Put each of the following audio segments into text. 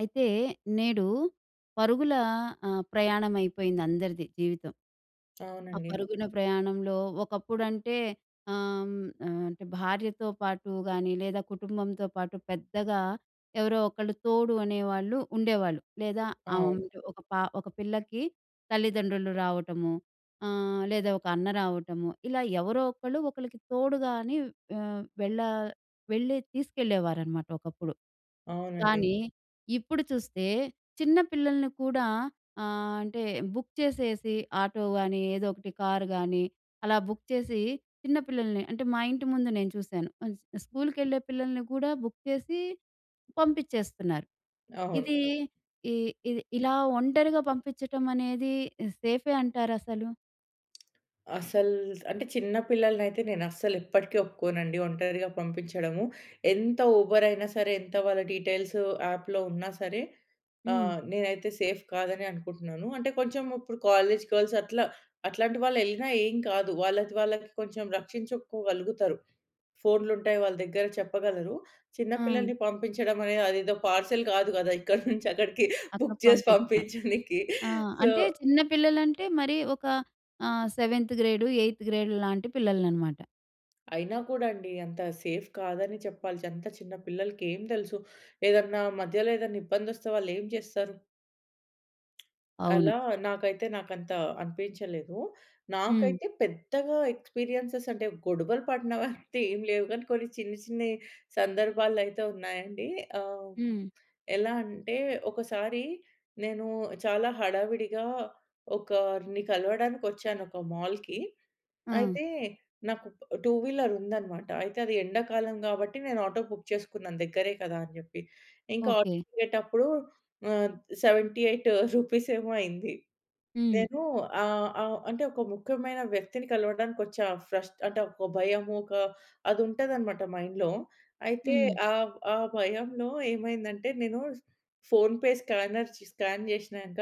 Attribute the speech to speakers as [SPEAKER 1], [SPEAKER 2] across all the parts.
[SPEAKER 1] అయితే, నేడు పరుగుల ఆహ్, ప్రయాణం అయిపోయింది అందరిది జీవితం... ఆ
[SPEAKER 2] అవునండి.
[SPEAKER 1] పరుగున ప్రయాణంలో ఒకప్పుడంటే ఆహ్, హ్మ్, ఆహ్, అంటే భార్యతో పాటు గాని, లేదా కుటుంబంతో పాటు పెద్దగా ఎవరో ఒకళ్ళు తోడు అనేవాళ్ళు ఉండేవాళ్ళు. లేదా, ఆ వం
[SPEAKER 2] అవును.
[SPEAKER 1] ఒక పా ఒక పిల్లకి తల్లిదండ్రులు రావటము. ఆహ్, లేదా ఒక అన్న రావటము, ఇలా ఎవరో ఒకళ్ళు ఒకళ్ళకి తోడుగాని ఆహ్, వెళ్ళ వెళ్ళే తీసుకెళ్ళేవారన్నమాట ఒకప్పుడు.
[SPEAKER 2] అవునండి.
[SPEAKER 1] కానీ, ఇప్పుడు చూస్తే చిన్న పిల్లల్ని కూడా ఆహ్, అంటే, బుక్ చేసేసి ఆటోగాని, ఏదో ఒకటి కార్‌గాని అలా బుక్ చేసి చిన్న పిల్లల్ని అంటే, మా ఇంటి ముందు నేను చూసాను. అస్ స్కూల్‌కెళ్ళే పిల్లల్ని కూడా బుక్ చేసి, పంపిచ్చేస్తున్నారు.
[SPEAKER 2] అవును.
[SPEAKER 1] ఇది ఈ ఇది ఇలా ఒంటరిగా పంపిచ్చటం అనేది ఇ సేఫే అంటారా అసలు?
[SPEAKER 2] అసల్ అంటే చిన్న పిల్లలని అయితే, నేను అస్సలు ఎప్పటికీ ఒప్పుకోనండి ఒంటరిగా పంపిచ్చడము. ఎంత ఉబర్ అయినా సరే ఎంత వాళ్ళ డీటెయిల్సొ యాప్‌లో ఉన్న సరే,
[SPEAKER 1] హ్మ్.
[SPEAKER 2] ఆహ్, నేనైతే సేఫ్ కాదని అనుకుంటున్నాను. అంటే, కొంచెం ఇప్పుడు కాలేజ్ గర్ల్స్ అట్లా, అట్లాంటి వాళ్ళు యెళ్ళిన ఏం కాదు. వాళ్ళది, వాళ్ళకి కొంచెం రక్షించుకోగలుగుతరు. ఫోన్‌లుంటాయి వాళ్ళ దగ్గర చెప్పగలరు. చిన్న
[SPEAKER 1] ఆ!
[SPEAKER 2] పిల్లల్ని పంపించడం అనే అదేదో పర్సనల్ కాదు గదా! ఇక్కడి నుంచి అక్కడికి బుక్
[SPEAKER 1] అక్కడకి
[SPEAKER 2] చేసి
[SPEAKER 1] పంపిచ్చటం.
[SPEAKER 2] పంపించనికి
[SPEAKER 1] ఆ!
[SPEAKER 2] సో
[SPEAKER 1] అంటే చిన్న పిల్లలంటే, మరి ఒక ఆహ్, సెవెంత్ గ్రేడ్, ఎయిత్ గ్రేడ్ లాంటి పిల్లలననమాట.
[SPEAKER 2] అయినా కూడా అండి అంత సేఫ్ కాదని చెప్పాలి అంత చిన్న పిల్లలకి ఏం తెలుసు? ఏదన్నా మధ్యలో ఏదైనా ఇబ్బంది వస్తే వాళ్ళు ఏం జేస్తరు?
[SPEAKER 1] అవును.
[SPEAKER 2] అలా నాకైతే నాకంత అనిపిచ్చలేదు.
[SPEAKER 1] హ్మ్.
[SPEAKER 2] నాకైతే పెద్దగా ఎక్స్పీరియెన్సెస్ అంటే గొడవలు పడినవంత ఏం లేవు గానీ కొన్ని చిన్న చిన్న‌యి సందర్భాలు అయితే ఉన్నాయండి. ఆహ్,
[SPEAKER 1] హ్మ్.
[SPEAKER 2] ఎలా అంటే ఒకసారి నేను చాలా హడావిడిగా ఒకరిని కలవడానికొచ్చాను ఒక మాల్‌కి.
[SPEAKER 1] ఆ!
[SPEAKER 2] అయితే నాకు టూ వీలర్ ఉందన్నమాట అయితే అది ఎండాకాలం గాబట్టి నేను ఆటో బుక్ చేసుకున్నాను దగ్గరే కదా అని జెప్పి. ఇంకా ఆటో
[SPEAKER 1] ఓకే.
[SPEAKER 2] దిగేటప్పుడు ఆహ్, 78 రూపీస్ ఏమో అయింది.
[SPEAKER 1] హ్మ్.
[SPEAKER 2] నేను ఆహ్, ఆహ్, అంటే ఒక ముఖ్యమైన వ్యక్తిని కలవడానికి వచ్చా ఫ్రస్ట్ అంటే ఒక భయము ఒక అది ఉంటదనమాట మైండ్‌లో. అయితే
[SPEAKER 1] హ్మ్.
[SPEAKER 2] ఆహ్, ఆ భయంలో ఏమైందంటే నేను ఫోన్‌పే స్కానర్ స్ స్కాన్ చేశినంక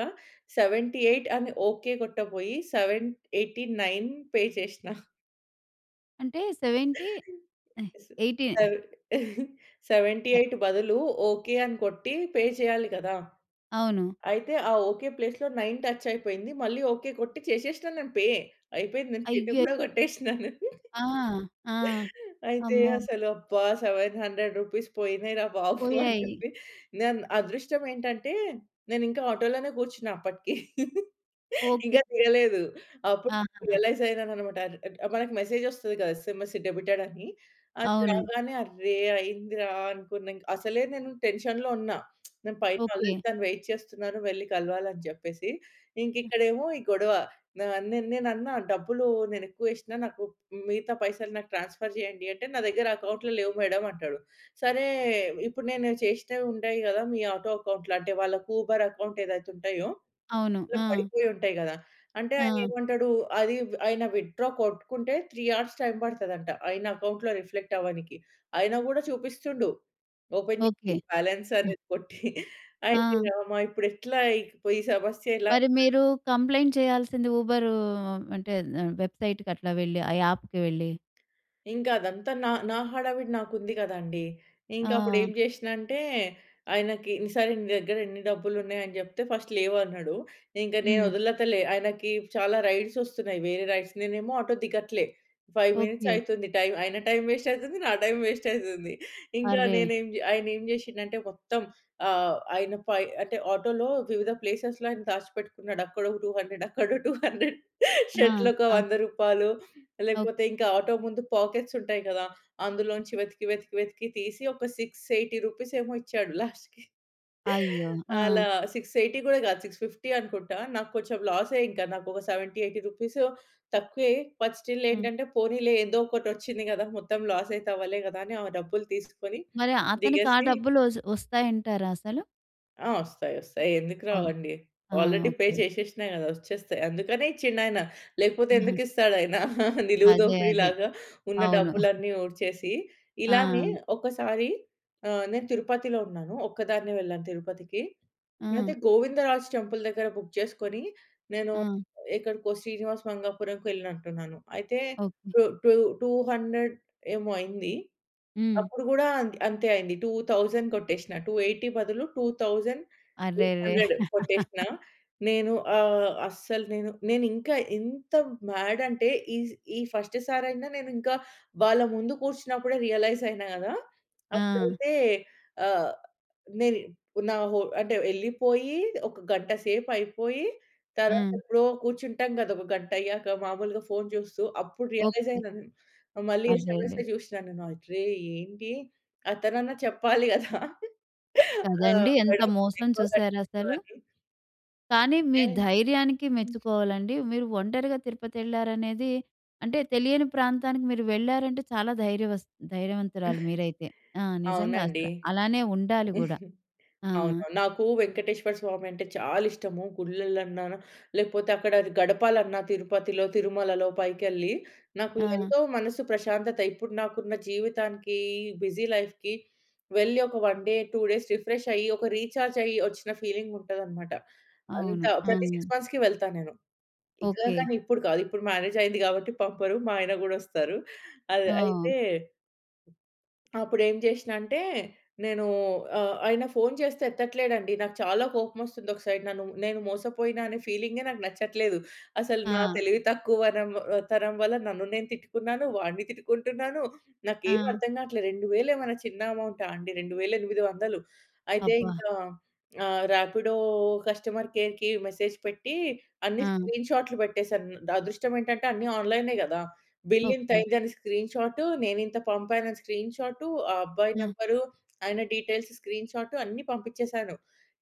[SPEAKER 2] 78 అని ఓకే కొట్టబోయి 789 పే చేష్నా.
[SPEAKER 1] అంటే 70 80.
[SPEAKER 2] సెవె 78 బదులు ఓకే. అని కొట్టి పే చేయాలి గదా!
[SPEAKER 1] అవును.
[SPEAKER 2] అయితే ఆ ఓకే ప్లేస్‌లో 9 టచ్ అయిపోయింది మళ్ళీ ఓకే కొట్టి చేషేష్న నేను పే. అయిపోయింది నేను కేట్
[SPEAKER 1] అయ్యో!
[SPEAKER 2] గూడా గొట్టేష్నాను.
[SPEAKER 1] ఆ! ఆ!
[SPEAKER 2] అయితే
[SPEAKER 1] అమ్మో!
[SPEAKER 2] అసలు అబ్బా! 700 రూపీస్ పోయినాయి రా బాబు అని
[SPEAKER 1] పోయాయి.
[SPEAKER 2] చెప్పి నే‌న్ అదృష్టం ఏంటంటే నేను ఇంకా ఆటో‌లోనే గూర్చున్న అప్పటికి.
[SPEAKER 1] ఓకే.
[SPEAKER 2] ఇంకా దిగలేదు అప్పుడు
[SPEAKER 1] ఆహా!
[SPEAKER 2] రియలైజ్ అయినానన్నమాట ఆర్ ఆ‌ట్ మనకు మెసేజ్ వస్తది గదా! ఎస్ఎంఎస్ డెబిటెడ్ అని. అది
[SPEAKER 1] అవును.
[SPEAKER 2] రాగానే అర్రె! అయిందిరా అనుకున్నా ఇంక్ అసలే నేను టెన్షన్‌‌లో ఉన్నా నేను పైన ఆల్రెడీ
[SPEAKER 1] ఓకే.
[SPEAKER 2] తను వెయిట్ చేస్తున్నారు వెళ్లి కలవాలని చెప్పేసి. ఇంక ఇక్కడేమో ఈ గొడవ నా‌ న్ నే‌నన్నా డబ్బులు నేను ఎక్కువ వేష్న మిగతా పైసలు నాకు ట్రాన్‌స్‌ఫర్ జేయండి అంటే నా దగ్గర అకౌంట్‌లో లేవు మేడమ్ అంటడు. సరే ఇప్పుడు నేను చేషినవి ఉంటాయి గదా! మీ ఆటో అకౌంట్‌లో. అంటే వాళ్ళకి ఊబర్ అకౌంట్ ఏదైతే ఉంటాయో
[SPEAKER 1] అవును.
[SPEAKER 2] ఇట్లా
[SPEAKER 1] ఆ!
[SPEAKER 2] పడిపోయి ఉంటాయి గదా! అంటే ఆయన
[SPEAKER 1] ఆ!
[SPEAKER 2] ఏమంటాడు, అది ఆయన విత్‌డ్రా కొట్టుకుంటే 3 హార్స్ టైమ్ పడతదంట ఆయన అకౌంట్‌లో రిఫ్లెక్ట్ అవ్వనీకి. ఆయన గూడా చూపిస్తుండు ఓపెన్ చేసి
[SPEAKER 1] ఓకే.
[SPEAKER 2] బాలన్స్ అనేది కొట్టి అయ్యో!
[SPEAKER 1] ఆ!
[SPEAKER 2] రామా ఇప్పుడు ఎట్లా ‌ఈ సమస్య ఎలా?
[SPEAKER 1] మరి మీరు కంప్లెయింట్ చేయాల్సింది ఊబరూ అంటే ఆహ్, వెబ్సైట్‌కి అట్లా వెళ్ళి ఆ యాప్‌కి వెళ్ళి.
[SPEAKER 2] ఇంకా అదంతా నా, నా హడావిడి నాకుంది గదండీ! ఇంక అప్పుడు ఏం
[SPEAKER 1] ఆ!
[SPEAKER 2] జేష్నా అంటే ఆయనకి సరే నీ దగ్గర ఎన్ని డబ్బులు ఉన్నాయి అని జెప్తే ఫస్ట్ లేవు అన్నాడు. ఇంక నేను
[SPEAKER 1] హ్మ్.
[SPEAKER 2] వదలతలే ఆయనకి చాలా రైడ్స్ వస్తున్నాయి వేరే రైడ్స్. నేనేమో ఆటో దిగట్లే. 5 మినిట్స్
[SPEAKER 1] ఓకే.
[SPEAKER 2] అయితుంది టైమ్. ఆయన టైం వేస్ట్ అయితుంది నా టైం వేస్ట్ అయితుంది ఇంకా
[SPEAKER 1] అర్రె!
[SPEAKER 2] నేనే ఏం జే ఆయన ఏం చేషిండంటే మొత్తం ఆహ్, ఆయన పై అంటే ఆటోలో వివిధ ప్లేసెస్‌లో ఆయన దాచిపెట్టుకున్నాడు అక్కడ ఒక 200 అక్కడో 200
[SPEAKER 1] ఆ!
[SPEAKER 2] షర్ట్‌లో ఒక
[SPEAKER 1] ఆ!
[SPEAKER 2] రూ. 100
[SPEAKER 1] ఓకె.
[SPEAKER 2] లేకపోతే ఇంకా ఆటో ముందు పాకెట్స్ ఉంటాయి గదా! అందులోంచి వెతికి, వెతికి, వెతికి తీసి ఒక 680 రూపీస్ ఏమో ఇచ్చాడు లాస్ట్‌కి.
[SPEAKER 1] అయ్యో! ఆ!
[SPEAKER 2] అలా 680 గూడా గాదు 650 అనుకుంటా నాకు కొంచెం లాసే ఇంకా నాకు ఒక 70, 80 రూపీస్ తక్కువే బట్ స్టిల్
[SPEAKER 1] హ్మ్.
[SPEAKER 2] ఏంటంటే పోనీలే ఏదో ఒకటి వచ్చింది గదా మొత్తం లాస్ అయితే అవ్వలే గదా అని ఆ డబ్బులు తీసుకొని
[SPEAKER 1] మరి అతనికి ఆ
[SPEAKER 2] దిగేసి
[SPEAKER 1] డబ్బులు వజ్ వస్తాయంటారా అసలు?
[SPEAKER 2] ఆ! వస్తాయి. వస్తాయి. ఎందుకు
[SPEAKER 1] అవునా?
[SPEAKER 2] రావండి?
[SPEAKER 1] ఆ!
[SPEAKER 2] Already pay
[SPEAKER 1] okay.
[SPEAKER 2] చేసేసినా కదా! వచ్చేస్తాయి. అందుకనే ఇచ్చిండాయన. లేకపోతే
[SPEAKER 1] హ్మ్.
[SPEAKER 2] ఎందుకిస్తాడాయన నిలువు
[SPEAKER 1] అదే.
[SPEAKER 2] దోపిడీ
[SPEAKER 1] అదే.
[SPEAKER 2] లాగా, ఉన్న
[SPEAKER 1] అవును.
[SPEAKER 2] డబ్బులన్నీ ఊడ్చేసి, ఇలానే
[SPEAKER 1] ఆ!
[SPEAKER 2] ఒకసారి ఆహ్, నేను తిరుపతిలో ఉన్నాను. ఒక్కదాన్నే వెళ్ళాను తిరుపతికి. అయితే
[SPEAKER 1] ఆ!
[SPEAKER 2] గోవిందరాజ్ టెంపుల్ దగ్గర బుక్ చేసుకొని, నేను
[SPEAKER 1] ఆ!
[SPEAKER 2] ఎక్కడికో శ్రీనివాస మంగాపురం‌కి వెళ్ళినట్టున్నాను. అయితే
[SPEAKER 1] okay.
[SPEAKER 2] Two two two hundred ఏమో అయింది.
[SPEAKER 1] హ్మ్.
[SPEAKER 2] అప్పుడు కూడా అంతే అయింది. 2000 కొట్టేసినా. 280 బదులు టూ థౌజండ్ ఎయిట్
[SPEAKER 1] అరెరే!
[SPEAKER 2] హండ్రెడ్ కొట్టేసినా. నేను ఆహ్, అస్సలు నేను, నేనింకా ఇంత మ్యాడ్ అంటే, ఈ స్ ఈ ఫస్ట్ సారి అయినా నేను ఇంకా వాళ్ళ ముందు కూర్చున్నప్పుడే రియలైజ్ అయినా కదా!
[SPEAKER 1] ఆ!
[SPEAKER 2] అప్పుడైతే ఆహ్, నేని నా హో అంటే ఎళ్ళిపోయి, ఒక గంట సేపు అయిపోయి తరువాత
[SPEAKER 1] ఆ!
[SPEAKER 2] ఎప్పుడో కూర్చుంటాం కదా! ఒక గంట అయ్యాక మాములుగా ఫోన్ చూస్తూ. అప్పుడు రియలైజ్
[SPEAKER 1] ఓకే.
[SPEAKER 2] అయినా. మళ్ళీ
[SPEAKER 1] అరెరే!
[SPEAKER 2] ఎస్ఎంఎసే చూసినా నేను అరే! ఏంటి అతనన్నా చెప్పాలి కదా! ఆహ్,
[SPEAKER 1] కదండీ! ఎంత
[SPEAKER 2] మేడమ్
[SPEAKER 1] మోసం
[SPEAKER 2] ఎక్కువ కట్టిన్రు
[SPEAKER 1] చూసారాసలు!
[SPEAKER 2] అని.
[SPEAKER 1] కానీ మీ ధైర్యానికి
[SPEAKER 2] [unintelligible]
[SPEAKER 1] మెచ్చుకోవాలండి. మీరు ఒంటరిగా తిరుపతి వెళ్లారనేది అంటే తెలియని ప్రాంతానికి మీరు వెళ్ళారంటే చాలా ధైర్యవస్ ధైర్యవంతురాలు మీరైతే. ఆహ్, నిజంగా
[SPEAKER 2] అవునండి.
[SPEAKER 1] అసలు! అలానే ఉండాలి కూడా ఆ!
[SPEAKER 2] అవునవును. నాకు వెంకటేశ్వర స్వామి అంటే చాలా ఇష్టము. గుళ్లలన్నా లేకపోతే అక్కడ గడపాలన్న తిరుపతిలో, తిరుమలలో పైకెళ్ళి, నాకు
[SPEAKER 1] ఆ!
[SPEAKER 2] ఎంతో మనసు ప్రశాంతత! ఇప్పుడు నాకున్న జీవితానికి బిజీ లైఫ్‌కి వెళ్లి ఒక 1 డే, 2 డేస్ రిఫ్రెష్ అయ్యి ఒక రీచార్జ్ అయ్యి వచ్చిన ఫీలింగ్ ఉంటదన్నమాట. అంత
[SPEAKER 1] అవును.
[SPEAKER 2] ప్రతి
[SPEAKER 1] హ్మ్.
[SPEAKER 2] 6 మంత్స్‌కి వెళ్తా నేను. ఇంకా
[SPEAKER 1] ఓకే.
[SPEAKER 2] కానీ, ఇప్పుడు కాదు. ఇప్పుడు మ్యారేజ్ అయింది కాబట్టి పంపరు, మా ఆయన కూడొస్తారు. అది
[SPEAKER 1] ఓహ్!
[SPEAKER 2] అయితే అప్పుడు ఏం చేసినా అంటే నేను ఆహ్, ఆయన ఫోన్ చేస్తే ఎత్తట్లేదండి నాకు చాలా కోపం వస్తుంది. ఒక సైడ్ నన్ను నేను మోసపోయిన అనే ఫీలింగె నాకు నచ్చట్లేదు. అసలు నా
[SPEAKER 1] ఆ!
[SPEAKER 2] తెలివి తక్కువ వనం తరం వల్ల నన్ను నేను తిట్టుకున్నాను. వాడిని తిట్టుకుంటున్నాను. నాకేమి
[SPEAKER 1] ఆ!
[SPEAKER 2] అర్థం కావట్లేదు. 2000 ఏమైనా చిన్న అమౌంటా అండి! 2800 అయితే,
[SPEAKER 1] అబ్బా!
[SPEAKER 2] ఇంకా ఆహ్, రాపిడో కస్టమర్ కేర్‌కి మెసేజ్ పెట్టి అన్ని
[SPEAKER 1] ఆ!
[SPEAKER 2] స్క్రీన్ షాట్లు పెట్టేసాను. ద అదృష్టం ఏంటంటే అన్ని ఆన్‌లైనే కదా! Bill
[SPEAKER 1] okay.
[SPEAKER 2] ఇంతయిందని స్క్రీన్ షాట్, నేనింత పంపానని స్క్రీన్ షాట్. ఆ అబ్బాయి
[SPEAKER 1] ఆ!
[SPEAKER 2] నంబర్, ఆయన డీటెయిల్స్ స్క్రీన్ షాట్ అన్ని పంపించేసాను.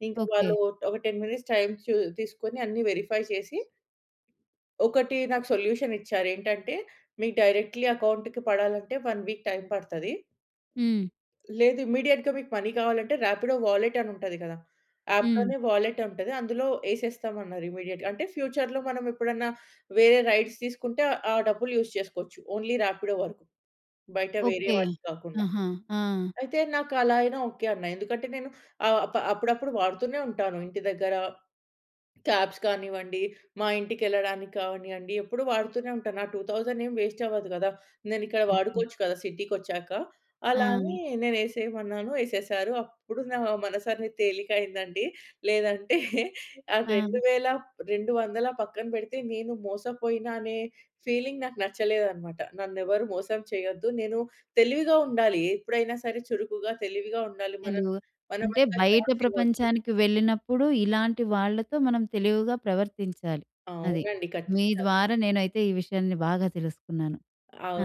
[SPEAKER 2] ఇంకా
[SPEAKER 1] ఓకే.
[SPEAKER 2] వాళ్ళు ఒక 10 మినిట్స్ టైమ్ తీసుకొని అన్నీ వెరిఫై చేసి ఒకటి నాకు సొల్యూషన్ ఇచ్చారు ఏంటంటే మీకు డైరెక్ట్‌లీ అకౌంట్‌కి పడాలంటే 1 వీక్ టైమ్ పడ్తది...
[SPEAKER 1] హ్మ్.
[SPEAKER 2] లేదు. ఇమ్మీడియేట్‌గా మీకు మనీ కావాలంటే రాపిడో వాలెట్ అని ఉంటది కదా!
[SPEAKER 1] హ్మ్.
[SPEAKER 2] అప్‌లోనే వాలెట్ ఉంటది. అందులో ఎసేస్తాం అన్నారు. ఇమ్మీడియేట్‌గా. అంటే ఫ్యూచర్‌లో మనం ఎప్పుడన్నా వేరే రైడ్స్ తీసుకుంటే ఆ డబ్బులు యూజ్ చేసుకోవచ్చు. ఓన్లీ రాపిడో వరకు. బయట వేరే
[SPEAKER 1] ఓకే.
[SPEAKER 2] వాటికి కాకుండా.
[SPEAKER 1] ఆహా! ఆ!
[SPEAKER 2] అయితే నాకు అలా అయినా ఓకె. అన్న. ఎందుకంటే నేను ఆప అప్పుడప్పుడు వాడుతూనే ఉంటాను. ఇంటి దగ్గర క్యాబ్స్ కానివ్వండి, మా ఇంటికెళ్ళడానికి కానివ్వండి. ఎప్పుడూ వాడుతూనే ఉంటాను. ఆ 2000 ఏం వేస్ట్ అవ్వదు కదా! నేను ఇక్కడ
[SPEAKER 1] ఓకే.
[SPEAKER 2] వాడుకోవచ్చు కదా! సిటీకొచ్చాక. అలా అని
[SPEAKER 1] ఆ!
[SPEAKER 2] నేను ఎసేయమన్నాను ఎసేసారు. అప్పుడు నా మనసనేది తేలిక అయిందండి. లేదంటే ఆ రెండు
[SPEAKER 1] ఆ!
[SPEAKER 2] వేల, 200 పక్కన పెడితే, నేను మోసపోయిన అనే ఫీలింగ్ నాకు నచ్చలేదన్నమాట. నన్ను ఎవరు మోసం చేయొద్దు, నేను తెలివిగా ఉండాలి, ఎప్పుడైనా సరే చురుకుగా తెలివిగా ఉండాలి. మన
[SPEAKER 1] తెలివు అంటే
[SPEAKER 2] మనమంతా
[SPEAKER 1] బయట
[SPEAKER 2] చాన్స్ ఇవ్వోద్దు.
[SPEAKER 1] ప్రపంచానికి వెళ్ళినప్పుడు ఇలాంటి వాళ్ళతో మనం తెలివిగా ప్రవర్తించాలి. అది.
[SPEAKER 2] అవునండి.
[SPEAKER 1] మీ
[SPEAKER 2] ఖచ్చితంగా.
[SPEAKER 1] ద్వారా నేనైతే ఈ విషయాన్ని బాగా తెలుసుకున్నాను.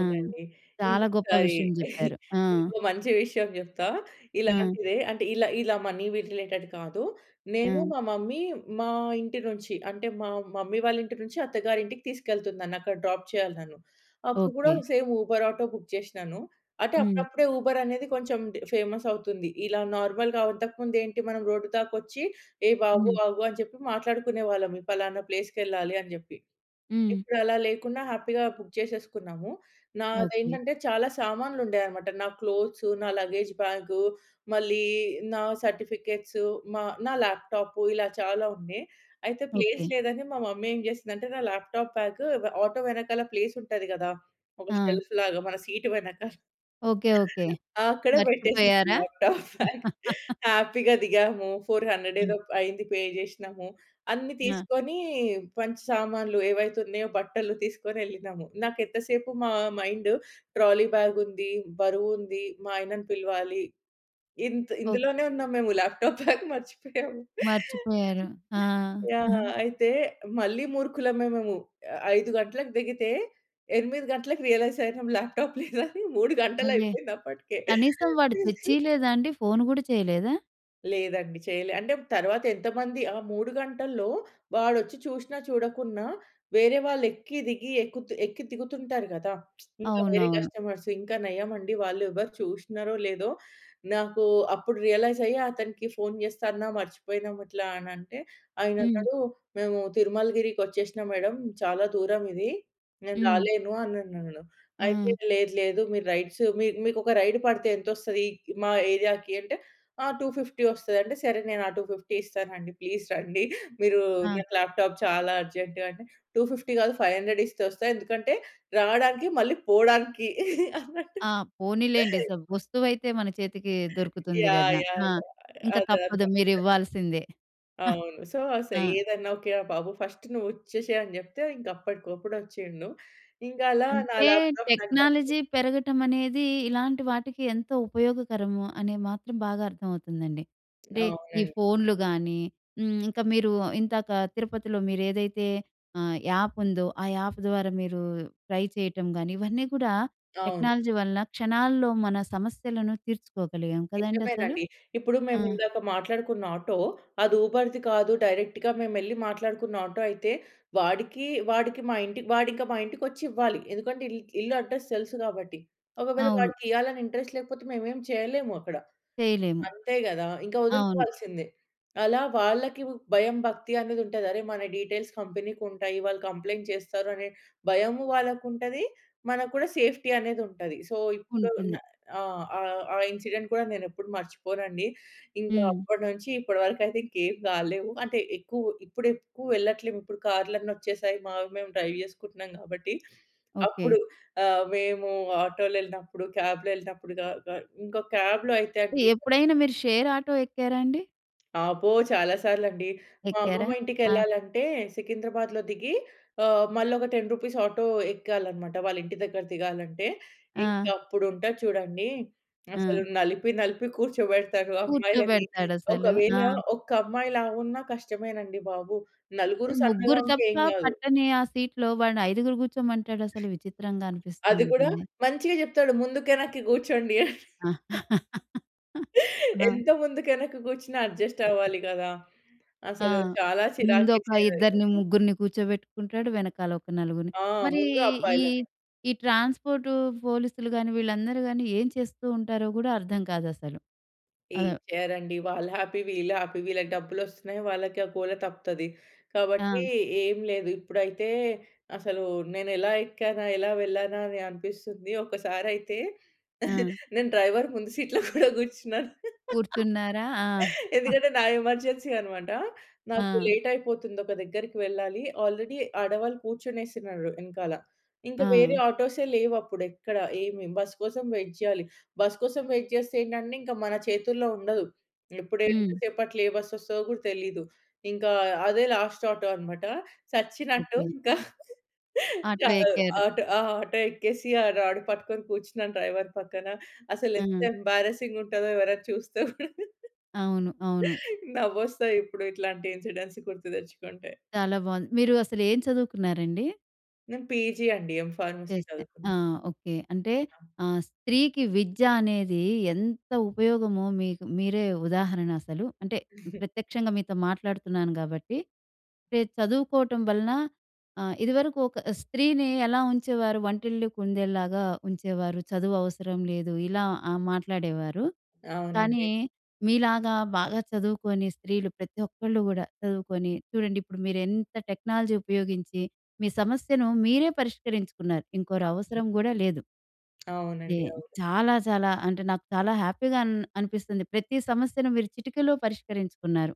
[SPEAKER 1] ఆహ్, చాలా గొప్ప
[SPEAKER 2] ఇంకొకసారి
[SPEAKER 1] విషయం చెప్పారు. ఆ!
[SPEAKER 2] ఇంకో మంచి విషయం చెప్తా
[SPEAKER 1] ఆ!
[SPEAKER 2] ఇలాంటిదే అంటే ఇలా, ఇలా మనీవి రిలేటెడ్ కాదు. నేను,
[SPEAKER 1] ఆ!
[SPEAKER 2] మా మమ్మీ మా ఇంటి నుంచి అంటే మా మమ్మీ వాళ్ళ ఇంటి నుంచి అత్తగారి ఇంటికి తీసుకెళ్తుంది. నన్ను అక్కడ డ్రాప్ చేయాలి తను. అప్పుడు కూడా
[SPEAKER 1] okay.
[SPEAKER 2] Same Uber auto book చేసినాను. అంటే
[SPEAKER 1] హ్మ్.
[SPEAKER 2] అప్పుడప్పుడే ఉబర్ అనేది కొంచెం ఫేమస్ అవుతుంది. ఇలా నార్మల్‌గా అంతకు ముందు ఏంటి మనం రోడ్డు దాకా వచ్చి ఏ బాబు
[SPEAKER 1] హ్మ్.
[SPEAKER 2] ఆగు అని చెప్పి మాట్లాడుకునేవాళ్ళం పలానా ప్లేస్‌కెళ్ళాలి అని చెప్పి.
[SPEAKER 1] హ్మ్.
[SPEAKER 2] ఇప్పుడు అలా లేకుండా హ్యాపీగా బుక్ చేసేసుకున్నాము.
[SPEAKER 1] ఓకే.
[SPEAKER 2] నాదేంటంటే చాలా సామాన్లు ఉండేవి అన్నమాట. నా క్లోత్స్, నా లగేజ్ బ్యాగ్, మళ్ళీ నా సర్టిఫికేట్స్, మా నా లాప్‌టాప్ ఇలా చాలా ఉండే. అయితే ప్లేస్
[SPEAKER 1] ఓకే.
[SPEAKER 2] లేదని మా మమ్మీ ఏం చేసిందంటే, నా లాప్‌టాప్ బ్యాగ్ వ ఆటో వెనకాల ప్లేస్ ఉంటది కదా! ఒక
[SPEAKER 1] ఆ!
[SPEAKER 2] షెల్ఫ్‌లాగా, మన సీటు వెనకాల
[SPEAKER 1] ఓకే. ఓకే.
[SPEAKER 2] అక్కడ పెట్టేసింది
[SPEAKER 1] మర్చిపోయారా?
[SPEAKER 2] Laptop bag. హ్యాపీ‌గా దిగాము. 400
[SPEAKER 1] హ్మ్.
[SPEAKER 2] ఏదో అయింది. పే చేసినాము. అన్ని
[SPEAKER 1] ఆ!
[SPEAKER 2] తీసుకొని మంచి సామాన్లు ఏవైతే ఉన్నాయో బట్టలు తీసుకొని ఎళ్ళినాము. నాకెంత సేపు మా మైండ్ ట్రాలీ బాగ్ ఉంది. బరువు ఉంది. మా ఆయనను పిలవాలి ఇంత్
[SPEAKER 1] ఓ
[SPEAKER 2] ఇందులోనే ఉన్నాము. మేము లాప్‌టాప్ బ్యాగ్ మర్చిపోయాము.
[SPEAKER 1] మర్చిపోయారు. ఆ!
[SPEAKER 2] యాహ్! అయితే మళ్ళి మూర్ఖులమే మేము. 5 గంటలకు దిగితే 8 గంటలకి రియలైజ్ అయినం లాప్‌టాప్ లేదని, 3 గంటలు
[SPEAKER 1] అవే
[SPEAKER 2] అయిపోయింది అప్పటికే.
[SPEAKER 1] కనీసం వాడు తెచ్చియ్యలేదా అండి? ఫోన్ కూడా చేయలేదా?
[SPEAKER 2] లేదండి. చేయలే. అంటే తర్వాత ఎంతమంది ఆ 3 గంటల్లో వాడు వచ్చి చూసినా చూడకున్నా, వేరే వాళ్ళు ఎక్కి దిగి, ఎక్కుతు ఎక్కి దిగుతుంటారు కదా! ఇంకా వేరే
[SPEAKER 1] అవునవును.
[SPEAKER 2] కస్టమర్స్ ఇంకా నయమండి వాళ్ళు ఎవరు చూసినారో లేదో. నాకు అప్పుడు రియలైజ్ అయ్యి అతనికి ఫోన్ చేస్తాన్నా మర్చిపోయినాం ఇట్లా అని అంటే, ఆయన
[SPEAKER 1] హ్మ్.
[SPEAKER 2] అన్నాడు, "మేము తిరుమలగిరికి వచ్చేసిన మేడం. చాలా దూరమిది. నేను
[SPEAKER 1] హ్మ్.
[SPEAKER 2] రాలేను." అనన్నాడు. అయితే
[SPEAKER 1] ఆ!
[SPEAKER 2] లేదు. లేదు. మీరు రైడ్స్ మీకు ఒక రైడ్ పడితే ఎంత వస్తది మా ఏరియా‌కి? అంటే ఆహ్, 250 వస్తది అంటే, సరే నేను ఆ 250 ఇస్తానండి. ప్లీజ్ రండి. మీరు
[SPEAKER 1] ఆ!
[SPEAKER 2] నాకు లాప్‌టాప్ చాలా అర్జెంట్ అంటే 250 కాదు, 500 ఇస్తే వస్తా, ఎందుకంటే రావడానికి మళ్ళీ పోవడానికి అన్నట్టు.
[SPEAKER 1] ఆహ్, పోనీలెండి స వస్తువైతే మన చేతికి దొరుకుతుంది
[SPEAKER 2] యహ్!
[SPEAKER 1] కదా!
[SPEAKER 2] యహ్!
[SPEAKER 1] ఆహ్, ఇంక
[SPEAKER 2] యహ్! అదే అదే
[SPEAKER 1] తప్పదు మీరు
[SPEAKER 2] అంటుంటారు.
[SPEAKER 1] ఇవ్వాల్సిందే.
[SPEAKER 2] అవును. సో, ఆస
[SPEAKER 1] ఆ!
[SPEAKER 2] ఏదైనా ఓకే. ఆహ్, బాబు ఫస్ట్ నువ్వు వచ్చేసేయ్ అని చెప్తే, ఇంక అప్పటికప్పుడు వచ్చిండు. ఇంక అలా నా
[SPEAKER 1] అంటే
[SPEAKER 2] లాప్‌టాప్ నాకు దక్కింది.
[SPEAKER 1] టెక్నాలజీ పెరగటం అనేది ఇలాంటి వాటికి ఎంతో ఉపయోగకరము అని మాత్రం బాగా అర్థమవుతుందండి. అంటే ఈ
[SPEAKER 2] అవునండి.
[SPEAKER 1] ఫోన్‌లుగాని, హ్మ్, ఇంకా మీరు ఇందాక తిరుపతిలో మీరు ఏదైతే ఆహ్, యాప్ ఉందో ఆ యాప్ ద్వారా మీరు ట్రై చేయటం గాని ఇవన్నీ కూడా
[SPEAKER 2] అవును.
[SPEAKER 1] టెక్నాలజీ వలన క్షణాల్లో మన సమస్యలను తీర్చుకోగలిగాం కదండీ అసలు.
[SPEAKER 2] నిజమేనండి. ఇప్పుడు
[SPEAKER 1] ఆ!
[SPEAKER 2] మేము ఇందాక మాట్లాడుకున్న ఆటో, అది ఉబర్‌ది కాదు. డైరెక్ట్‌గా మేమెళ్లి మాట్లాడుకున్న ఆటో అయితే, వాడికి, వాడికి మా ఇంటి వాడింక మా ఇంటికొచ్చి ఇవ్వాలి. ఎందుకంటే ఇల్ ఇల్లు అడ్రెస్ తెలుసు కాబట్టి. ఒకవేళ
[SPEAKER 1] అవును.
[SPEAKER 2] వాడికి ఇయ్యలని ఇంట్రెస్ట్ లేకపోతే మేమేం చేయలేము అక్కడ.
[SPEAKER 1] చేయలేము.
[SPEAKER 2] అంతే కదా! ఇంకా
[SPEAKER 1] అవును.
[SPEAKER 2] వదులుకోవాల్సిందే. అలా వాళ్ళకి భయం, భక్తి అనేది ఉంటది. అరె మన డీటెయిల్స్ కంపెనీ‌కి ఉంటాయి, వాళ్ళు కంప్లెయింట్ చేస్తారు. అనే భయము వాళ్ళకి ఉంటది. మనకు కూడా సేఫ్టీ అనేది ఉంటది. సో ఇప్పుడు న
[SPEAKER 1] ఉంటుంది.
[SPEAKER 2] ఆహ్, ఆహ్, ఇన్సిడెంట్ కూడా నేను ఎప్పుడు మర్చిపోనండి. ఇంకా
[SPEAKER 1] హ్మ్.
[SPEAKER 2] అప్పటి నుంచి ఇప్పటి వరకు అయితే ఇంకేం కాలేవు. అంటే ఎక్కు ఇప్పుడు ఎక్కువ వెళ్ళట్లేము. ఇప్పుడు కార్‌లన్నీ వచ్చేసాయి. మేము డ్రైవ్ చేసుకుంటున్నాం కాబట్టి,
[SPEAKER 1] ఓకే.
[SPEAKER 2] అప్పుడు ఆహ్, మేము ఆటో‌లో ఎళ్ళినప్పుడు, కాబ్‌లో ఎళ్ళినప్పుడు క క ఇంకో కాబ్‌లో అయితే అండీ
[SPEAKER 1] ఎప్పుడైనా మీరు షేర్ ఆటో ఎక్కారండి?
[SPEAKER 2] అబ్బో! చాలా సార్లండి. మా
[SPEAKER 1] ఎక్కారా?
[SPEAKER 2] అమ్మమ్మ
[SPEAKER 1] ఆ!
[SPEAKER 2] ఇంటికె‌ళ్ళాలంటే సికింద్రాబాద్‌లో దిగి ఆహ్, మల్లోక రూ. 10 ఆటో ఎక్కాలన్నమాట. వాళ్ళ ఇంటి దగ్గర దిగాలంటే, ఇంక
[SPEAKER 1] ఆ!
[SPEAKER 2] అప్పుడు ఉంటది చూడండి, అసలు
[SPEAKER 1] ఆ!
[SPEAKER 2] నలిపి, నలిపి కూర్చోబెడతారు అమ్మాయిలని.
[SPEAKER 1] కూర్చోబెడతాడు అసలు.
[SPEAKER 2] ఒకవేళ
[SPEAKER 1] ఆ!
[SPEAKER 2] ఒక్క అమ్మాయి లావున్నా కష్టమేనండి బాబు. నలుగురు
[SPEAKER 1] ఆహ్,
[SPEAKER 2] సన్నగా
[SPEAKER 1] ముగ్గురు
[SPEAKER 2] ఉంటే
[SPEAKER 1] తప్ప
[SPEAKER 2] ఏం గాదు.
[SPEAKER 1] పట్టని ఆ సీట్‌లో వాడిని ఐదుగురు కూర్చోమంటాడు అసలు విచిత్రంగా అనిపిస్తూ
[SPEAKER 2] అది కూడా
[SPEAKER 1] ఉంటుంది.
[SPEAKER 2] మంచిగా చెప్తాడు, "ముందుకే వెనక్కి కూర్చోండి", అని.
[SPEAKER 1] ఆ!
[SPEAKER 2] ఎంత ముందు వెనక్కు కూర్చున్న అడ్జస్ట్ అవ్వాలి కదా!
[SPEAKER 1] ఆ!
[SPEAKER 2] అసలు చాలా చిరాకు
[SPEAKER 1] ముందొక
[SPEAKER 2] వేసేదది అయితే
[SPEAKER 1] ఇద్దరిని, ముగ్గురిని కూర్చోబెట్టుకుంటాడు. వెనకాల ఒక నలుగురిని.
[SPEAKER 2] ఆ!
[SPEAKER 1] మరి
[SPEAKER 2] ముందు
[SPEAKER 1] ఈ
[SPEAKER 2] అబ్బాయిలని.
[SPEAKER 1] ఈ ట్రాన్స్‌పోర్టు, పోలీస్‌లు గాని, వీళ్ళందరూ గాని ఏం చేస్తూ ఉంటారో కూడా అర్థం కాదు అసలు? అదే
[SPEAKER 2] ఏం చేయరండి. వాళ్ళు హ్యాపీ, వీళ్ళు హ్యాపీ. వీళ్ళకి డబ్బులు వస్తున్నాయి, వాళ్ళకి ఆ గోల తప్పుతది. కాబట్టి
[SPEAKER 1] ఆ!
[SPEAKER 2] ఏం లేదు. ఇప్పుడైతే అసలు నేను ఎలా ఎక్కానా? ఎలా వెళ్ళానా? అని అనిపిస్తుంది. ఒకసారి అయితే
[SPEAKER 1] ఆ!
[SPEAKER 2] నేను డ్రైవర్ ముందు సీట్‌లో కూడా కూర్చున్నాను.
[SPEAKER 1] కూర్చున్నారా? ఆ!
[SPEAKER 2] ఎందుకంటే, నా ఎమర్జెన్సీ అన్నమాట. నాకు
[SPEAKER 1] ఆ!
[SPEAKER 2] లేట్ అయిపోతుంది ఒక దగ్గరికి వెళ్ళాలి. ఆల్రెడీ ఆడవాళ్ళు కూర్చొనేసినారు వెనకాల. ఇంక వేరే
[SPEAKER 1] ఆ!
[SPEAKER 2] ఆటోసే లేవు అప్పుడు ఎక్కడ. ఏమి బస్ కోసం వెయిట్ జేయాలి. బస్ కోసం వెయిట్ జేస్తే ఏంటంటే, ఇంక మన చేతుల్లో ఉండదు. ఇప్పుడు ఎంత
[SPEAKER 1] హ్మ్.
[SPEAKER 2] సేపు అట్లా ఏ బస్ వస్తదో కూడా తెలీదు. ఇంక అదే లాస్ట్ ఆటో అన్నమాట. చచ్చినట్టు
[SPEAKER 1] ఓకే.
[SPEAKER 2] ఇంక
[SPEAKER 1] ఆటో
[SPEAKER 2] ఆహ్,
[SPEAKER 1] ఎక్కారు.
[SPEAKER 2] ఆటు ఆ ఆటో ఎక్కేసి ఆ రాడ్ పట్టుకొని కూర్చున్నాను, డ్రైవర్ పక్కన. అసలు ఎంత
[SPEAKER 1] హ్మ్.
[SPEAKER 2] ఎంబ్యారసింగ్ ఉంటాదో! ఎవరైనా చూస్తే కూడా
[SPEAKER 1] అవును. అవును.
[SPEAKER 2] నవ్వొస్తాయి ఇప్పుడు ఇట్లాంటి ఇన్‌సిడెంట్స్ గుర్తు తెచ్చుకుంటే.
[SPEAKER 1] చాలా బావుంది. మీరు అసలు ఏం చదువుకున్నారండి?
[SPEAKER 2] నేను పీజీ అండి. ఎం ఫార్మసీ
[SPEAKER 1] చేస్తే.
[SPEAKER 2] చదువుకున్నా.
[SPEAKER 1] ఆ! ఓకే. అంటే,
[SPEAKER 2] ఆ!
[SPEAKER 1] ఆహ్, స్త్రీకి విద్య అనేదీ ఎంత ఉపయోగమో మీకు మీరే ఉదాహరణ అసలు. అంటే, ప్రత్యక్షంగా మీతో మాట్లాడుతున్నాను గాబట్టి, పె చదువుకోటం వలన ఆహ్, ఇదివరకు ఒక స్త్రీనీ ఎలా ఉంచేవారు? వంటిల్లు కుందేల్లాగా ఉంచేవారు. చదువవసరం లేదు, ఇలా ఆహ్, మాట్లాడేవారు, కానీ
[SPEAKER 2] అవునండి.
[SPEAKER 1] మీలాగా బాగా చదువుకొని, స్త్రీలు ప్రతి ఒక్కళ్ళు గూడా చదువుకొని చూడండిప్పుడు మీరెంత టెక్నాలజీ ఉపయోగించి, మీ సమస్యను మీరే పరిష్కరించుకున్నారు.
[SPEAKER 2] అవును.
[SPEAKER 1] ఇంకోరవసరం గూడా లేదు. నే
[SPEAKER 2] అవునండి. అవును.
[SPEAKER 1] చాలా చాలా అంటే, నాకు చాలా హ్యాపీగా అన్ అనిపిస్తుంది. ప్రతి సమస్యను మీరు చిటికలో పరిష్కరించుకున్నారు.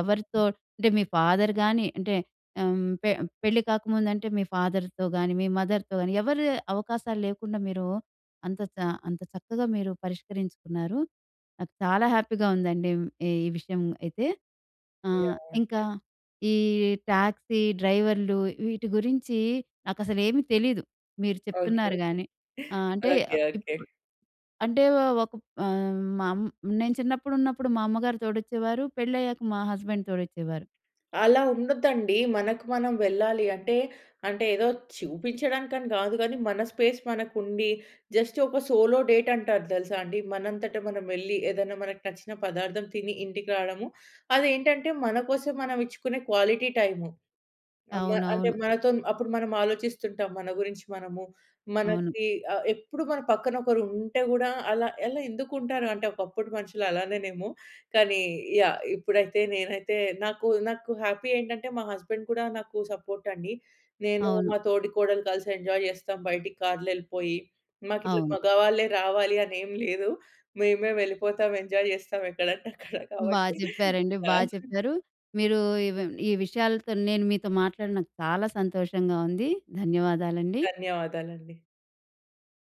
[SPEAKER 1] ఎవరితో అంటే, మీ ఫాదర్‌ గానీ, అంటే ఆహ్, పే పెళ్లి కాకముందంటే, మీ ఫాదర్‌తో గానీ, మీ మదర్‌తో గానీ, ఎవరీ అవకాశాలు లేకుండా, మీరు అంత చ అంత చక్కగా మీరు పరిష్కరించుకున్నారు. నాకు చాలా హ్యాపీగా ఉందండిమ్ ఈ విషయం అయితే. ఆహ్,
[SPEAKER 2] యాహ్!
[SPEAKER 1] ఇంకా ఈ ట్యాక్సీ డ్రైవర్‌లు, వీటి గురించీ నాకసలేమీ తెలీదు. మీరు
[SPEAKER 2] ఓకే.
[SPEAKER 1] చెప్తున్నారు గానీ
[SPEAKER 2] ఓకే.
[SPEAKER 1] ఆహ్, అంటే,
[SPEAKER 2] ఓకే.
[SPEAKER 1] ఆహ్,
[SPEAKER 2] ఓకే.
[SPEAKER 1] ఇప్పు అంటే వ ఒక‌ప్ ఆహ్, మా అం నేను చిన్నప్పుడున్నప్పుడు మా అమ్మగారు తోడొచ్చేవారు. పెళ్ళయ్యాక మా హస్బెండ్ తోడొచ్చేవారు.
[SPEAKER 2] అలా ఉండొద్దండి. మనకు మనం వెళ్ళాలి. అంటే అంటే ఏదో చూపించడానికని గాదు గానీ, మన స్పేస్ మనకుండి, జస్ట్ ఒక సోలో డేటంటారు తెలుసా అండి? మనంతట మనం వెళ్ళి, ఏదన్నా మనకి నచ్చిన పదార్థం తిని, ఇంటికి రాడము. అదేంటంటే మన కోసం మనమిచ్చుకునే క్వాలిటీ టైము. అమ్మ అంటే,
[SPEAKER 1] అవునవును.
[SPEAKER 2] మనతోన్ అప్పుడు మనం ఆలోచిస్తుంటాం మన గురించి మనము.
[SPEAKER 1] అవును.
[SPEAKER 2] మనకి ఆహ్, ఎప్పుడు మన పక్కన ఒకరుంటే గూడా, అలా అలా ఎందుకుంటారు? అంటే, ఒకప్పుడు మనుషులలానేనేమో. కానీ యాహ్! ఇప్పుడైతే నేనైతే నాకు నాకు హ్యాపీ ఏంటంటే, మా హస్బెండ్ కూడా నాకు సపోర్టండి. నేనూ,
[SPEAKER 1] అవును.
[SPEAKER 2] మా తోడికోడలు కలిసి ఎంజాయ్ చేస్తాం, బయిటికి కార్‌లో యెళ్ళిపోయి. మాకిట్లా
[SPEAKER 1] అవును.
[SPEAKER 2] మగవాళ్ళే రావాలి అనేం లేదు. మేమే వెళ్ళిపోతాం ఎంజాయ్ చేస్తాం ఎక్కడంటే అక్కడ
[SPEAKER 1] బా
[SPEAKER 2] కాబట్టి.
[SPEAKER 1] చెప్పారండి.
[SPEAKER 2] ఆ!
[SPEAKER 1] బా చెప్పారు. మీరూ ఇవ్ ఈ విషయాలతో నేను మీతో మాట్లాడినక చాలా సంతోషంగా ఉంది. ధన్యవాదాలండి.
[SPEAKER 2] ధన్యవాదాలండి.